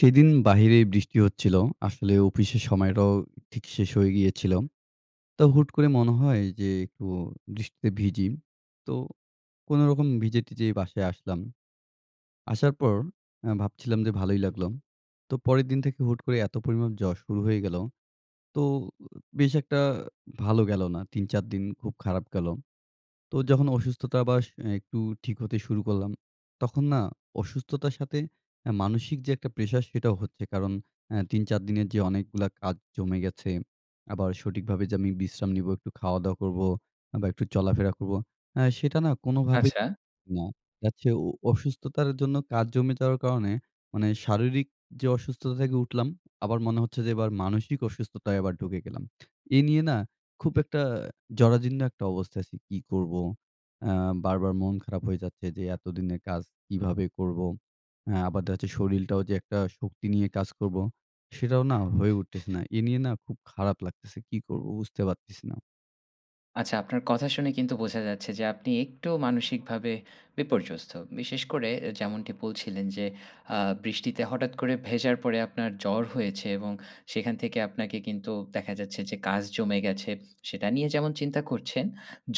সেদিন বাহিরে বৃষ্টি হচ্ছিল। আসলে অফিসের সময়টাও ঠিক শেষ হয়ে গিয়েছিল। তো হুট করে মনে হয় যে একটু বৃষ্টিতে ভিজি। তো কোন রকম ভিজে টিজে বাসায় আসলাম। আসার পর ভাবছিলাম যে ভালোই লাগলো। তো পরের দিন থেকে হুট করে এত পরিমাণ জ্বর শুরু হয়ে গেলো। তো বেশ একটা ভালো গেলো না ৩, ৪ দিন খুব খারাপ গেলো। তো যখন অসুস্থতা বা একটু ঠিক হতে শুরু করলাম, তখন না অসুস্থতার সাথে এ মানসিক যে একটা প্রেশার সেটাও হচ্ছে কারণ অ্যা ৩ ৪ দিনের যে অনেকগুলা কাজ জমে গেছে। আবার সঠিকভাবে যে আমি বিশ্রাম নিব, একটু খাওয়া-দাওয়া করব বা একটু চলাফেরা করবো, হ্যাঁ সেটা না কোনোভাবেই আচ্ছা। হচ্ছে না। দেখা যাচ্ছে অসুস্থতার জন্য কাজ জমে যাওয়ার কারণে মানে শারীরিক যে অসুস্থতা থেকে উঠলাম আবার মনে হচ্ছে যে এবার মানসিক অসুস্থতায় এবার ঢুকে গেলাম। এ নিয়ে না খুব একটা জরাজীর্ণ একটা অবস্থায় আছি, কী করব, অ্যা বারবার মন খারাপ হয়ে যাচ্ছে যে এতদিনের কাজ কীভাবে করব? হ্যাঁ, আবার দেখা যাচ্ছে শরীলটাও যে একটা শক্তি নিয়ে কাজ করবো, সেটাও না হয়ে উঠতেছে না। এ নিয়ে না খুব খারাপ লাগতেছে, কী করব? বুঝতে পারতেছি না। আচ্ছা। আপনার কথা শুনে কিন্তু বোঝা যাচ্ছে যে আপনি একটু মানসিকভাবে বিপর্যস্ত। বিশেষ করে এ যেমনটি বলছিলেন, যে আ বৃষ্টিতে হঠাৎ করে ভেজার পরে আপনার জ্বর হয়েছে। এবং সেখান থেকে আপনাকে কিন্তু, দেখা যাচ্ছে যে কাজ জমে গেছে। সেটা নিয়ে যেমন চিন্তা করছেন।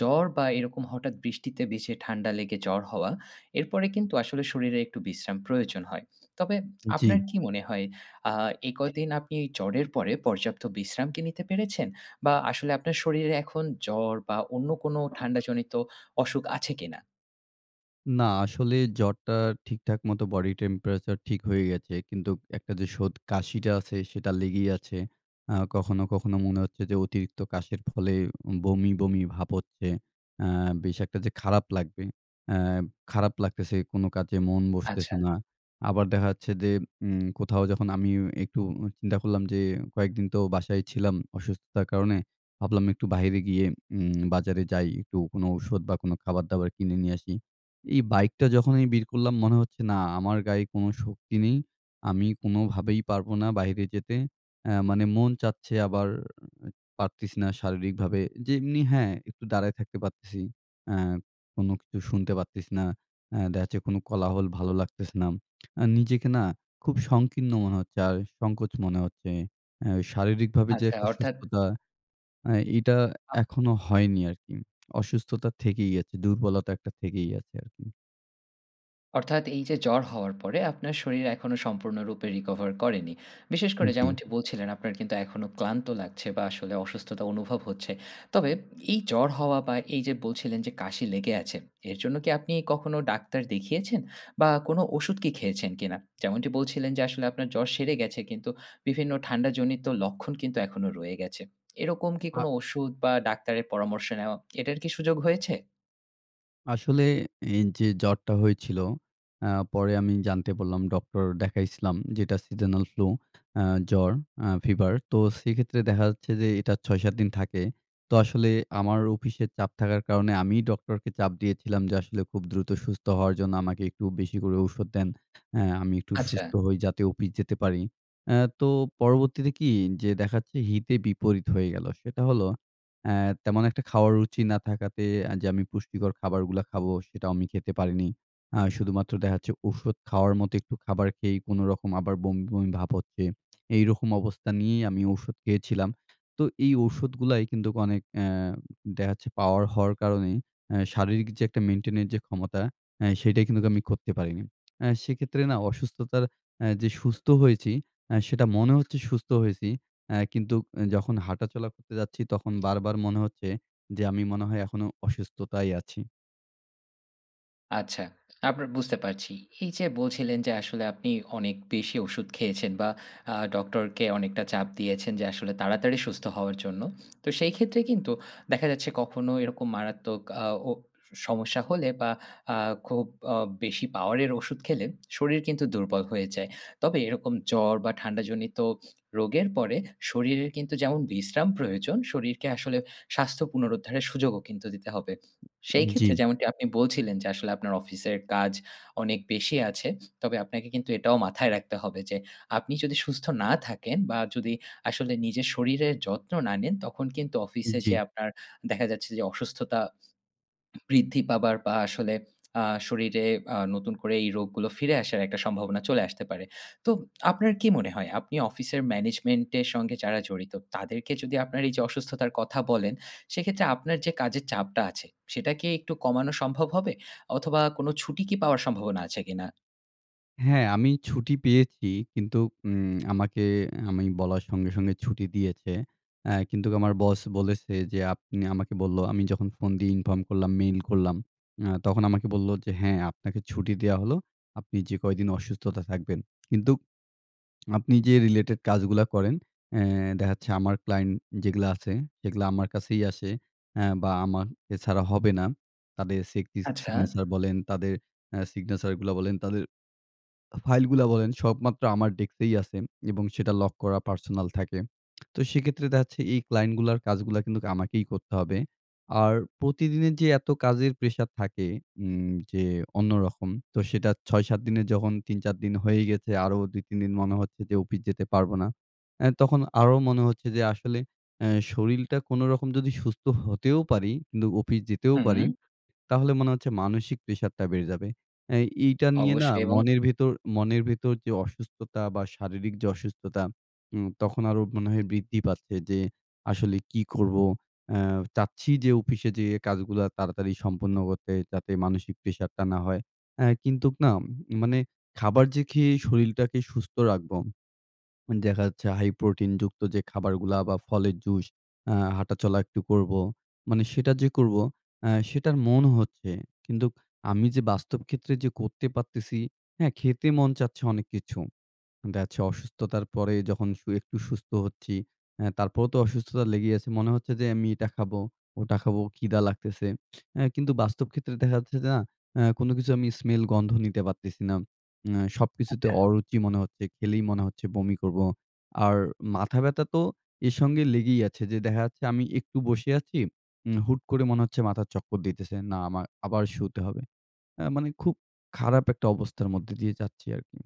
জ্বর বা এরকম হঠাৎ বৃষ্টিতে ভিজে ঠান্ডা লেগে জ্বর হওয়া। এরপরে কিন্তু আসলে শরীরে একটু বিশ্রাম প্রয়োজন হয়। তবে আপনার জ্বি। কি মনে হয়, আ এ কয়দিন আপনি জ্বরের পরে, পর্যাপ্ত বিশ্রাম কি নিতে পেরেছেন? বা আসলে আপনার শরীরে এখন জ্বর বা অন্য কোন ঠান্ডাজনিত অসুখ আছে কিনা? না। আসলে জ্বরটা ঠিকঠাক মতো body temperature ঠিক হয়ে গেছে। কিন্তু একটা যে শোদ কাশিটা আছে সেটা লেগেই আছে। আ কখনো, কখনো মনে হচ্ছে যে, অতিরিক্ত কাশের ফলে বমি, বমি ভাব হচ্ছে। আ বেশ একটা যে খারাপ লাগবে, অ্যা খারাপ লাগতেছে, কোনো কাজে মন বসতেছে আচ্ছা। না। আবার দেখা যাচ্ছে যে, উম কোথাও যখন আমি একটু চিন্তা করলাম যে, কয়েকদিন তো বাসায় ছিলাম অসুস্থতার কারণে। ভাবলাম একটু বাহিরে গিয়ে উম বাজারে যাই। একটু কোনো ওষুধ বা কোনো খাবার-দাবার কিনে নিয়ে আসি। এই বাইকটা যখনই বের করলাম মনে হচ্ছে না, আমার গায়ে কোনো শক্তি নেই। আমি কোনোভাবেই পারবো না বাহিরে যেতে। এ্যা মানে মন চাচ্ছে, আবার পারতেছিনা শারীরিকভাবে। য যেমনি হ্যাঁ, একটু দাঁড়ায় থাকতে পারতেছি। আ কোনো কিছু শুনতে পারতেছিনা না। অ্যা দেখা যাচ্ছে কোনো কোলাহল ভালো লাগতেছে না। আর নিজেকে না খুব সংকীর্ণ মনে হচ্ছে। আর সংকোচ মনে হচ্ছে। এ্যা শারীরিকভাবে যে আচ্ছা একটা অর্থাৎ সুস্থতা। এ এটা আচ্ছা। এখনো হয়নি আরকি। অসুস্থতা থেকেই আছে, দুর্বলতা একটা থেকেই আছে আরকি। অর্থাৎ এই যে জ্বর হওয়ার পরে আপনার শরীর এখনো সম্পূর্ণরূপে recover করেনি। বিশেষ করে জি। যেমনটি বলছিলেন আপনার কিন্তু এখনো ক্লান্ত লাগছে বা আসলে অসুস্থতা অনুভব হচ্ছে। তবে এই জ্বর হওয়া বা এই যে বলছিলেন যে কাশি লেগে আছে, এর জন্য কি আপনি কখনো ডাক্তার দেখিয়েছেন? বা কোনো ওষুধ কি খেয়েছেন কিনা? যেমনটি বলছিলেন যে আসলে আপনার জ্বর সেরে গেছে কিন্তু বিভিন্ন ঠান্ডাজনিত লক্ষণ কিন্তু এখনও রয়ে গেছে। এরকম কি আ কোনো ওষুধ বা ডাক্তারের পরামর্শ নেওয়া, এটার কি সুযোগ হয়েছে? আসলে এই যে জ্বরটা হয়েছিল, অ্যা পরে আমি জানতে পারলাম ডক্টর দেখাইছিলাম যে এটা seasonal flu আ জ্বর, আ fever তো সেক্ষেত্রে দেখা যাচ্ছে যে এটা ৬-৭ দিন থাকে। তো আসলে আমার অফিসে চাপ থাকার কারণে আমিই ডক্টরকে চাপ দিয়েছিলাম যে আসলে খুব দ্রুত সুস্থ হওয়ার জন্য আমাকে একটু বেশি করে ঔষধ দেন। অ্যা আমি একটু আচ্ছা। সুস্থ হই যাতে অফিস যেতে পারি। অ্যা তো পরবর্তীতে কি যে দেখা যাচ্ছে হিতে-বিপরীত হয়ে গেলো। সেটা হলো অ্যা তেমন একটা খাওয়ার রুচি না থাকাতে যে আমি পুষ্টিকর খাবারগুলা খাবো সেটাও আমি খেতে পারিনি। আ শুধুমাত্র দেখা যাচ্ছে ঔষুধ খাওয়ার মতো একটু খাবার খেয়েই কোনরকম আবার বমি-বমি ভাব হচ্ছে। এইরকম অবস্থা নিয়েই আমি ঔষুধ খেয়েছিলাম। তো এই ঔষুধগুলায় কিন্তু অনেক, অ্যা দেখা যাচ্ছে পাওয়ার হওয়ার কারণে এ শারীরিক যে একটা maintain এর যে ক্ষমতা, এ সেটাই কিন্তু আমি করতে পারিনি। আ সেক্ষেত্রে না অসুস্থতার আ যে সুস্থ হয়েছি, আ সেটা মনে হচ্ছে সুস্থ হয়েছি, অ্যা কিন্তু এ যখন হাঁটাচলা করতে যাচ্ছি তখন বারবার মনে হচ্ছে যে আমি মনে হয় এখনও অসুস্থতায় আছি। আচ্ছা। আপনার বুঝতে পারছি। এই যে বলছিলেন যে আসলে আপনি অনেক বেশি ওষুধ খেয়েছেন। বা আ ডক্টর কে অনেকটা চাপ দিয়েছেন যে আসলে তাড়াতাড়ি সুস্থ হওয়ার জন্য। তো সেই ক্ষেত্রে কিন্তু, দেখা যাচ্ছে কখনো এরকম মারাত্মক আ ও সমস্যা হলে বা আ খুব আ বেশি পাওয়ারের ওষুধ খেলে শরীর কিন্তু দুর্বল হয়ে যায়। তবে এরকম জ্বর বা ঠান্ডাজনিত রোগের পরে শরীরের কিন্তু যেমন বিশ্রাম প্রয়োজন, শরীরকে আসলে স্বাস্থ্য পুনরুদ্ধারের সুযোগও কিন্তু দিতে হবে। সেই উম জি। ক্ষেত্রে যেমনটি আপনি বলছিলেন যে আসলে আপনার অফিসের কাজ অনেক বেশি আছে। তবে আপনাকে কিন্তু এটাও মাথায় রাখতে হবে। যে আপনি যদি সুস্থ না থাকেন বা যদি আসলে নিজের শরীরের যত্ন না নেন, তখন কিন্তু উম অফিসে জি। যেয়ে আপনার দেখা যাচ্ছে যে অসুস্থতা বৃদ্ধি পাবার বা আসলে আ শরীরে আ নতুন করে এই রোগগুলো ফিরে আসার একটা সম্ভাবনা চলে আসতে পারে। তো আপনার কি মনে হয়? আপনি অফিসের ম্যানেজমেন্ট এর সঙ্গে যারা জড়িত, তাদেরকে যদি আপনার এই যে অসুস্থতার কথা বলেন। সেক্ষেত্রে আপনার যে কাজের চাপটা আছে সেটা কি একটু কমানো সম্ভব হবে? অথবা কোন ছুটি কি পাওয়ার সম্ভাবনা আছে কিনা? হ্যাঁ। আমি ছুটি পেয়েছি কিন্তু উম আমাকে অ্যা আমি বলার সঙ্গে সঙ্গে ছুটি দিয়েছে। অ্যা কিন্তু আমার বস বলেছে যে আপনি আমাকে বললো আমি যখন ফোন দিয়ে inform করলাম, মেইল করলাম। অ্যা তখন আমাকে বললো যে "হ্যাঁ আপনাকে ছুটি দেওয়া হলো। আপনি যে কয়দিন অসুস্থতায় থাকবেন। কিন্তু আপনি যে রিলেটেড কাজগুলা করেন।" অ্যা দেখা যাচ্ছে আমার ক্লায়ন্ট যেগুলা আছে, সেগুলা আমার কাছেই আসে। অ্যা বা আমার এছাড়া হবে না। তাদের segi আচ্ছা। signature বলেন তাদের অ্যা signature গুলা বলেন, তাদের আ ফাইলগুলা বলেন, সব মাত্র আমার ডেস্কেই আছে। এবং সেটা লক করা পার্সোনাল থাকে। তো সেক্ষেত্রে দেখা যাচ্ছে এই ক্লায়েন্ট কাজগুলা কিন্তু আমাকেই করতে হবে। আর প্রতিদিনের যে এত কাজের প্রেশার থাকে। উম যে অন্যরকম, তো সেটা ৬-৭ দিনের যখন ৩-৪ দিন হয়ে গেছে। আরো ২-৩ দিন মনে হচ্ছে যে অফিস যেতে পারব না। অ্যা তখন আরো মনে হচ্ছে যে আসলে অ্যা শরীরটা কোনরকম যদি সুস্থ হতেও পারি, কিন্তু অফিস যেতেও পারি, হুম। তাহলে মনে হচ্ছে মানসিক প্রেশারটা বেড়ে যাবে। অ্যা এইটা নিয়ে না অবশ্যই এবং মনের ভেতর মনের ভেতর যে অসুস্থতা বা শারীরিক যে অসুস্থতা, উম তখন আরও মনে হয় বৃদ্ধি পাচ্ছে। যে আসলে কী করব? অ্যা চাচ্ছি যে অফিসে যেয়ে কাজগুলো তাড়াতাড়ি সম্পন্ন করতে যাতে মানসিক প্রেশারটা না হয়। অ্যা কিন্তু না মানে খাবার যে খেয়ে শরীরটাকে সুস্থ রাখবো। উম দেখা যাচ্ছে, হাই প্রোটিন যুক্ত যে খাবারগুলা বা ফলের জুস আ হাঁটাচলা একটু করব। মানে সেটা যে করব আ সেটার মন হচ্ছে। কিন্তু আমি যে বাস্তব ক্ষেত্রে যে করতে পারতেছি হ্যাঁ, খেতে মন চাচ্ছে অনেক কিছু। দেখা যাচ্ছে অসুস্থতার পরে যখন সু একটু সুস্থ হচ্ছি। অ্যা তারপরেও তো অসুস্থতা লেগেই আছে। মনে হচ্ছে যে আমি এটা খাবো, ওটা খাবো, খিদা লাগতেছে। অ্যা কিন্তু বাস্তব ক্ষেত্রে দেখা যাচ্ছে যা অ্যা কোনো কিছু আমি স্মেল-গন্ধ নিতে পারতেছি না। অ্যা সবকিছুতে আচ্ছা। অরুচি মনে হচ্ছে, খেলেই মনে হচ্ছে বমি করব। আর মাথা ব্যথা তো এর সঙ্গে লেগেই আছে। যে দেখা যাচ্ছে আমি একটু বসে আছি, উম হুট করে মনে হচ্ছে মাথার চক্কর দিতেছে না আমা আবার শুতে হবে। অ্যা মানে খুব খারাপ একটা অবস্থার মধ্যে দিয়ে যাচ্ছি আর কি।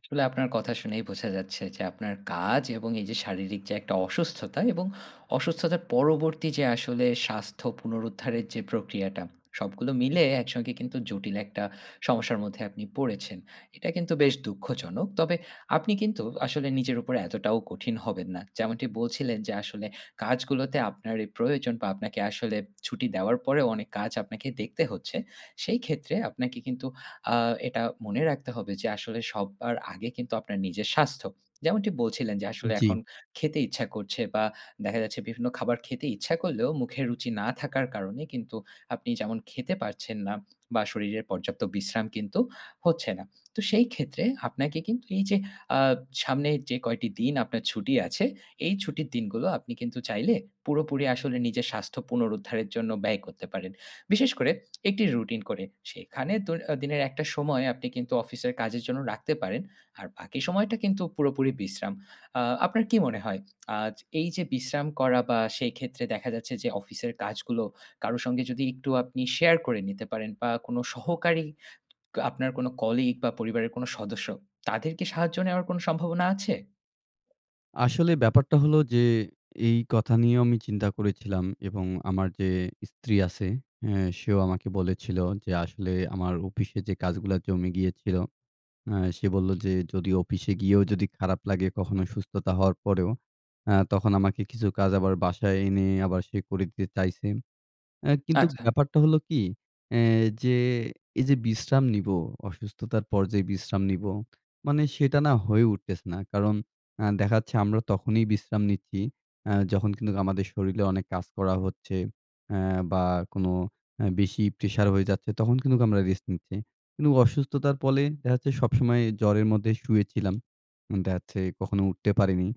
আসলে আপনার কথা শুনেই বোঝা যাচ্ছে যে আপনার কাজ এবং এই যে শারীরিক যে একটা অসুস্থতা। এবং অসুস্থতার পরবর্তী যে আসলে স্বাস্থ্য পুনরুদ্ধারের যে প্রক্রিয়াটা। সবগুলো মিলে একসঙ্গে কিন্তু জটিল একটা সমস্যার মধ্যে আপনি পড়েছেন। এটা কিন্তু বেশ দুঃখজনক। তবে আপনি কিন্তু আসলে নিজের উপরে এতটাও কঠিন হবেন না। যেমনটি বলছিলেন যে আসলে কাজগুলোতে আপনারই প্রয়োজন বা আপনাকে আসলে ছুটি দেওয়ার পরেও অনেক কাজ আপনাকে দেখতে হচ্ছে। সেই ক্ষেত্রে আপনাকে কিন্তু আ এটা মনে রাখতে হবে যে আসলে সবার আগে কিন্তু আপনার নিজের স্বাস্থ্য। যেমনটি বলছিলেন যে উম আসলে জি। এখন খেতে ইচ্ছা করছে, বা দেখা যাচ্ছে বিভিন্ন খাবার খেতে ইচ্ছা করলেও মুখের রুচি না থাকার কারণে কিন্তু আপনি যেমন খেতে পারছেন না। বা শরীরের পর্যাপ্ত বিশ্রাম কিন্তু হচ্ছে না। তো সেই ক্ষেত্রে আপনাকে কিন্তু এই যে আ সামনে যে কয়টি দিন আপনার ছুটি আছে। এই ছুটির দিনগুলো আপনি কিন্তু চাইলে পুরোপুরি আসলে নিজের স্বাস্থ্য পুনরুদ্ধারের জন্য ব্যয় করতে পারেন। বিশেষ করে একটি রুটিন করে। সেখানে দৈ এ দিনের একটা সময় আপনি কিন্তু অফিসের কাজের জন্য রাখতে পারেন। আর বাকি সময়টা কিন্তু পুরোপুরি বিশ্রাম। আ আপনার কি মনে হয়? আচ এই যে বিশ্রাম করা বা সেই ক্ষেত্রে দেখা যাচ্ছে যে অফিসের কাজগুলো কারো সঙ্গে যদি একটু আপনি শেয়ার করে নিতে পারেন। বা কোন সহকারী, আপনার কোনো কলিগ বা পরিবারের কোন সদস্য। তাদের কি সাহায্য নেওয়ার কোন সম্ভাবনা আছে? আসলে ব্যাপারটা হলো যে এই কথা নিয়েও আমি চিন্তা করেছিলাম এবং আমার যে স্ত্রী আছে হে সেও আমাকে বলেছিলো যে আসলে আমার অফিসে যে কাজগুলা জমে গিয়েছিলো আ সে বললো যে যদি অফিসে গিয়েও যদি খারাপ লাগে কখনো সুস্থতা হওয়ার পরেও আ তখন আমাকে কিছু কাজ আবার বাসায় এনে আবার সে করে দিতে চাইছে। আ কিন্তু আচ্ছা। ব্যাপারটা হলো কী? এ যে এই যে বিশ্রাম নিব অসুস্থতার পর্যায়ে বিশ্রাম নিব মানে সেটা না হয়ে উঠতেছে না। কারণ আ দেখা যাচ্ছে আমরা তখনই বিশ্রাম নিচ্ছি আ যখন কিন্তু আমাদের শরীরে অনেক কাজ করা হচ্ছে অ্যা বা কোনো অ্যা বেশি প্রেশার হয়ে যাচ্ছে তখন কিন্তুক আমরা রেস্ট নিচ্ছি। কিন্তু অসুস্থতার পলে দেখা যাচ্ছে সবসময়ে জ্বরের মধ্যে শুয়েছিলাম। দেখা যাচ্ছে কখনো উঠতে পারিনি,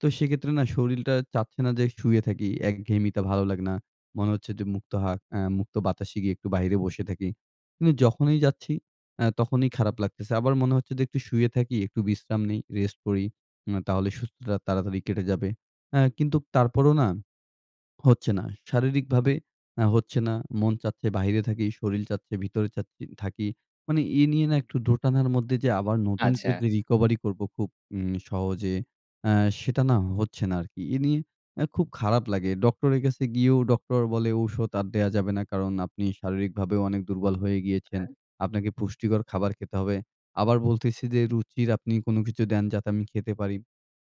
তো সেক্ষেত্রে না শরীলটা চাচ্ছে না যে শুয়ে থাকি। একঘেয়েমিতে ভালো লাগে না। মনে হচ্ছে যে মুক্ত হা আ মুক্ত বাতাসে গিয়ে একটু বাহিরে বসে থাকি। কিন্তু যখনই যাচ্ছি আ তখনই খারাপ লাগতেছে। আবার মনে হচ্ছে যে একটু শুয়ে থাকি একটু বিশ্রাম নেই, রেস্ট করি। উম তাহলে সুস্থতা তাড়াতাড়ি কেটে যাবে অ্যা কিন্তু তারপরও না হচ্ছে না। শারীরিকভাবে আ হচ্ছে না, মন চাচ্ছে, বাহিরে থাকি, শরীল চাচ্ছে, ভিতরে চাচ্ছি থাকি। মানে এ নিয়ে না একটু দোটানার মধ্যে যে আবার নতুন করে আচ্ছা। যে recovery করব খুব উম সহজে অ্যা সেটা না হচ্ছে না আরকি। এ নিয়ে এ খুব খারাপ লাগে। ডক্টরের কাছে গিয়েও ডক্টর বলে ঔষুধ আর দেয়া যাবে না কারণ আপনি শারীরিকভাবেও অনেক দুর্বল হয়ে গিয়েছেন। হ্যাঁ। আপনাকে পুষ্টিকর খাবার খেতে হবে। আবার বলতেছে যে রুচির আপনি কোনো কিছু দেন যাতে আমি খেতে পারি।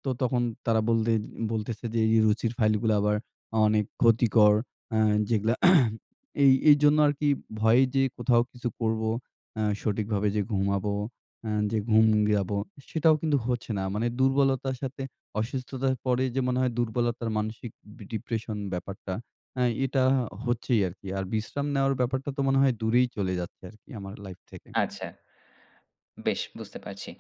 তো তখন তারা বলতে বলতেছে যে এই যে রুচির ফাইলগুলো আবার অনেক ক্ষতিকর। অ্যা যেগুলা এই, এইজন্য আরকি ভয়ে যে কোথাও কিছু করব অ্যা সঠিকভাবে যে ঘুমাবো, অ্যা যে ঘুম যাবো সেটাও কিন্তু হচ্ছে না। মানে দুর্বলতার সাথে অসুস্থতার পরে যে মনে হয় দুর্বলতার মানসিক বি depression ব্যাপারটা অ্যা এটা হচ্ছেই আরকি। আর বিশ্রাম নেওয়ার ব্যাপারটা তো মনে হয় দূরেই চলে যাচ্ছে আরকি আমার লাইফ থেকে। আচ্ছা। বেশ বুঝতে পারছি।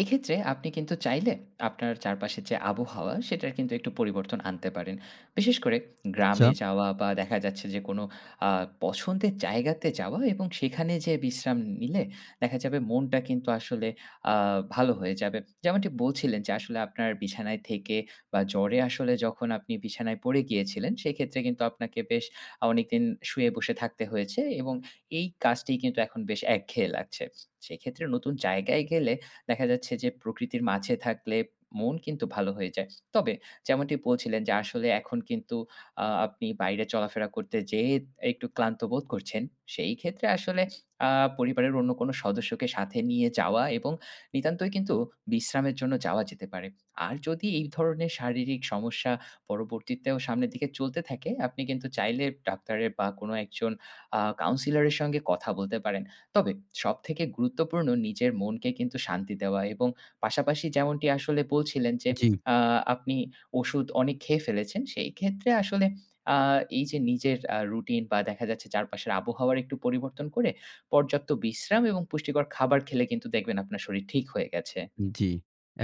এক্ষেত্রে আপনি কিন্তু চাইলে আপনার চারপাশের যে আবহাওয়া সেটার কিন্তু একটু পরিবর্তন আনতে পারেন। বিশেষ করে আচ্ছা। গ্রামে যাওয়া বা দেখা যাচ্ছে যে কোনো আ পছন্দের জায়গাতে যাওয়া এবং সেখানে যে বিশ্রাম নিলে দেখা যাবে মনটা কিন্তু আসলে আ ভালো হয়ে যাবে। যেমনটি বলছিলেন যে আসলে আপনার বিছানায় থেকে বা জ্বরে আসলে যখন আপনি বিছানায় পড়ে গিয়েছিলেন সেইক্ষেত্রে কিন্তু আপনাকে বেশ আ অনেকদিন শুয়ে বসে থাকা হয়েছে এবং এই কাজটি কিন্তু এখন বেশ একঘেয়ে লাগছে। সেক্ষেত্রে নতুন জায়গায় গেলে দেখা যাচ্ছে যে প্রকৃতির মাঝে থাকলে মন কিন্তু ভালো হয়ে যায়। তবে যেমনটি বলছিলেন যে আসলে এখন কিন্তু আ আপনি বাইরে চলাফেরা করতে যেয়ে একটু ক্লান্ত বোধ করছেন সেই ক্ষেত্রে আসলে আ পরিবারের অন্য কোনো সদস্যকে সাথে নিয়ে যাওয়া এবং নিতান্তই কিন্তু বিশ্রামের জন্য যাওয়া যেতে পারে। আর যদি এই ধরনের শারীরিক সমস্যা পরবর্তীতেও সামনের দিকে চলতে থাকে, আপনি কিন্তু চাইলে ডাক্তারের বা কোনো একজন আ counselor এর সঙ্গে কথা বলতে পারেন। তবে সবথেকে গুরুত্বপূর্ণ নিজের মনকে কিন্তু শান্তি দেওয়া এবং পাশাপাশি যেমনটি আসলে বলছিলেন যে জি। আ আপনি ওষুধ অনেক খেয়ে ফেলেছেন সেই ক্ষেত্রে আসলে আ এই যে নিজের আ রুটিন বা দেখা যাচ্ছে চারপাশের আবহাওয়ার একটু পরিবর্তন করে পর্যাপ্ত বিশ্রাম এবং পুষ্টিকর খাবার খেলে কিন্তু দেখবেন আপনার শরীর ঠিক হয়ে গেছে। জি,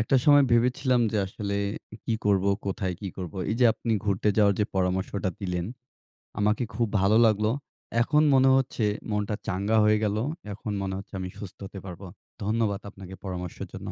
একটা সময় ভেবেছিলাম যে আসলে কী করব? কোথায় কী করব? এই যে আপনি ঘুরতে যাওয়ার যে পরামর্শটা দিলেন, আমাকে খুব ভালো লাগলো এখন মনে হচ্ছে মনটা চাঙ্গা হয়ে গেলো। এখন মনে হচ্ছে আমি সুস্থ হতে পারব, ধন্যবাদ আপনাকে পরামর্শের জন্য।